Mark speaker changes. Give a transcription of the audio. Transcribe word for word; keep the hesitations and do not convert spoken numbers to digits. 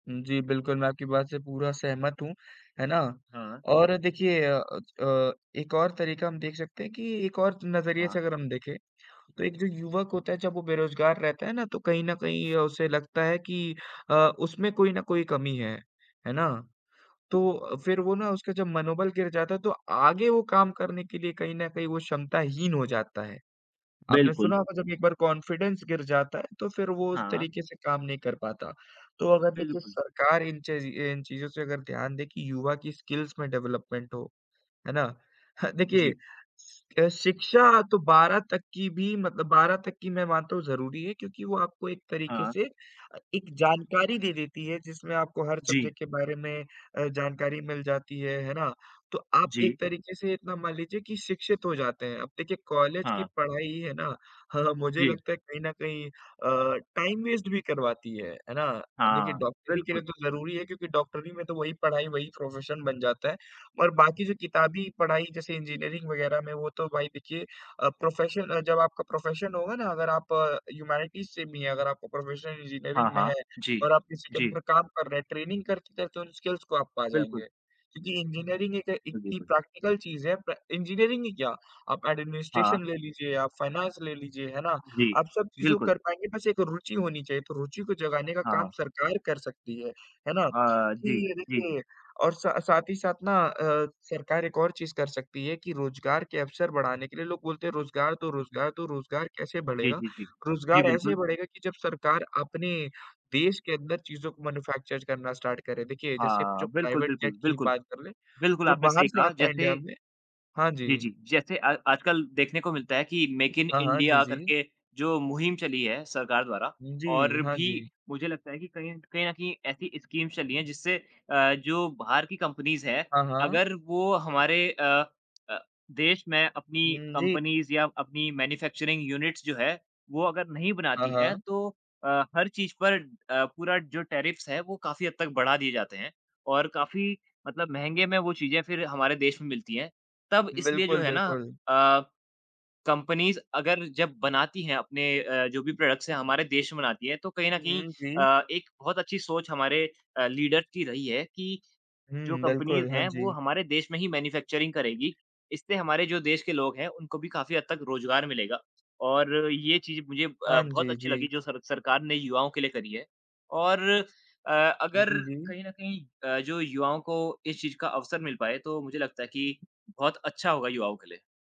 Speaker 1: हुँ। जी बिल्कुल, मैं आपकी बात से पूरा सहमत हूँ, है ना,
Speaker 2: हाँ।
Speaker 1: और देखिए अ, अच अ, एक और तरीका हम देख सकते हैं कि एक और नजरिए
Speaker 2: हाँ।
Speaker 1: से अगर हम देखें, तो एक जो युवक होता है जब वो बेरोजगार रहता है ना तो कहीं न कहीं ये उसे लगता है कि अ, उसमें कोई न कोई कमी है, है ना? तो फिर वो ना उसका जब मनोबल गिर जाता है तो आगे वो काम करने के लिए कहीं न कहीं वो क्षमताहीन हो जाता है, आपने
Speaker 2: बिल्कुल।
Speaker 1: सुना होगा जब एक बार कॉन्फिडेंस गिर जाता है तो फिर वो उस
Speaker 2: हाँ।
Speaker 1: तरीके से काम नहीं कर पाता, तो अगर देखिए
Speaker 2: बिल्कुल।
Speaker 1: सरकार इन चज़ी इन चीज़ों से अगर ध्यान दे कि युवा की स्किल्स में डेवलपमेंट हो, है ना? देखिए
Speaker 2: जी।
Speaker 1: सि अ, शिक्षा तो बारह तक की भी मतलब बारह तक की मैं मानता हूँ ज़रूरी है क्योंकि वो आपको एक तरीके
Speaker 2: हाँ।
Speaker 1: से अ, एक जानकारी दे देती है, जिसमें आपको हर
Speaker 2: जी।
Speaker 1: सब्जेक्ट के बारे में अ, जानकारी मिल जाती है, है ना? तो आप एक
Speaker 2: जी।
Speaker 1: तरीके से इतना मान लीजिए कि शिक्षित हो जाते हैं, अब देखिए कॉलेज की
Speaker 2: हाँ।
Speaker 1: पढ़ाई है ना, मुझे
Speaker 2: जी।
Speaker 1: लगता है कहीं न कहीं अ, टाइम वेस्ट भी करवाती है। है ना? देखिए
Speaker 2: हाँ,
Speaker 1: डॉक्टरी के लिए
Speaker 2: बिल्कुल।
Speaker 1: तो ज़रूरी है क्योंकि डॉक्टरी में तो वही पढ़ाई, वही प्रोफेशन बन जाता है और बाकी जो किताबी पढ़ाई जैसे इंजीनियरिंग वग़ैरह में, वो तो भाई देखिए अ, प्रोफेशन अ, जब आपका प्रोफेशन होगा ना अगर आप ह्यूमैनिटीज़ से भी हैं, अगर आपका प्रोफेशन
Speaker 2: हाँ,
Speaker 1: इंजीनियरिंग में
Speaker 2: हाँ।
Speaker 1: है
Speaker 2: जी।
Speaker 1: और आप किसी के
Speaker 2: जी।
Speaker 1: अंडर काम कर रहे हैं, ट्रेनिंग करते-करते उन स्किल्स को आप पा
Speaker 2: बिल्कुल।
Speaker 1: जाएँगे क्योंकि इंजीनियरिंग एक इतनी
Speaker 2: बिल्कुल।
Speaker 1: प्रैक्टिकल चीज है, प्रे इंजीनियरिंग ही क्या, आप
Speaker 2: हाँ।
Speaker 1: एडमिनिस्ट्रेशन ले लीजिए, आप फ़ाइनेंस ले लीजिए, है ना?
Speaker 2: जी।
Speaker 1: आप सब चीज़ों को
Speaker 2: बिल्कुल।
Speaker 1: कर पाएँगे, बस एक रुचि होनी चाहिए, तो रुचि को जगाने का
Speaker 2: हाँ,
Speaker 1: काम
Speaker 2: हाँ।
Speaker 1: सरकार कर सकती है। है ना?
Speaker 2: हाँ, जी।
Speaker 1: कि
Speaker 2: जी, जी।
Speaker 1: देखिए और सा साथ ही साथ ना अ, सरकार एक और चीज़ कर सकती है कि रोजगार के अवसर बढ़ाने के लिए लोग बोलते हैं रोजगार दो रोजगार दो, रोजगार कैसे
Speaker 2: जी,
Speaker 1: बढ़ेगा?
Speaker 2: जी, जी। जी,
Speaker 1: रोजगार ऐसे
Speaker 2: बिल्कुल।
Speaker 1: बढ़ेगा कि जब सरकार अपने देश के अंदर चीज़ों को मैन्युफैक्चर करना स्टार्ट करे, देखिए जैसे जो
Speaker 2: हाँ। बिल्कुल,
Speaker 1: प्राइवेट
Speaker 2: बिल्कुल,
Speaker 1: जेट की ही
Speaker 2: बिल्कुल।
Speaker 1: बात कर लें,
Speaker 2: बिल्कुल
Speaker 1: जो
Speaker 2: आपने
Speaker 1: बाहर
Speaker 2: सही
Speaker 1: से
Speaker 2: कहा,
Speaker 1: आता है
Speaker 2: जैसे
Speaker 1: इंडिया में हाँ जी।
Speaker 2: जी, जी। जैसे अ, आजकल देखने को मिलता है कि मेक इन
Speaker 1: हाँ, हाँ। जी,
Speaker 2: इंडिया
Speaker 1: जी।
Speaker 2: करके जो मुहिम चली है सरकार द्वारा
Speaker 1: उ, जी,
Speaker 2: और
Speaker 1: हाँ
Speaker 2: भी
Speaker 1: जी।
Speaker 2: मुझे लगता है कि कहीं एंड कहीं न कहीं एसी स्कीम्स चली हैं जिससे अ, जो बाहर की कम्पनीज़ हैं,
Speaker 1: हाँ, हाँ।
Speaker 2: अगर वो हमारे अ अ, देश में अपनी
Speaker 1: हुँ, जी।
Speaker 2: कम्पनीज़ या अपनी मैन्युफैक्चरिंग यूनिट्स जो है वो अगर नहीं
Speaker 1: हाँ,
Speaker 2: बनाती हैं,
Speaker 1: हाँ।
Speaker 2: तो अ, हर चीज पर अ, पूरा जो टेर्रिफ्स है वो काफ़ी हद तक बढ़ा दिए जाते हैं और काफ़ी मतलब महँगे में वो चीज़ें या फिर हमारे देश में मिलती हैं, तब इसलिए जो
Speaker 1: बिल्कुल,
Speaker 2: है ना
Speaker 1: बिल्कुल।
Speaker 2: अ, कम्पनीज़ अगर जब बनाती हैं अपने अ, जो भी प्रोडक्ट्स हैं, हमारे देश में बनाती हैं, तो कहीं न
Speaker 1: हुँ,
Speaker 2: कहीं
Speaker 1: हुँ। जी।
Speaker 2: अ, एक बहुत अच्छी सोच हमारे अ, लीडर की रही है कि जो
Speaker 1: हुँ।
Speaker 2: कम्पनीज़
Speaker 1: बिल्कुल। हाँ
Speaker 2: हैं वो
Speaker 1: जी।
Speaker 2: हमारे देश में ही मैन्युफैक्चरिंग करेगी, इससे हमारे जो देश के लोग हैं उनको भी काफ़ी हद तक रोजगार मिलेगा और ये चीज़ मुझे ब
Speaker 1: हाँ
Speaker 2: बहुत
Speaker 1: जी।
Speaker 2: अच्छी लगी
Speaker 1: जी।
Speaker 2: जो सर सरकार ने युवाओं के लिए करी है और अ, अगर
Speaker 1: जी, जी।
Speaker 2: कहीं न कहीं अ, जो युवाओं को इस चीज का अवसर मिल पाए तो मुझे लगता है कि बहुत अच्छा होगा युवाओं के लिए।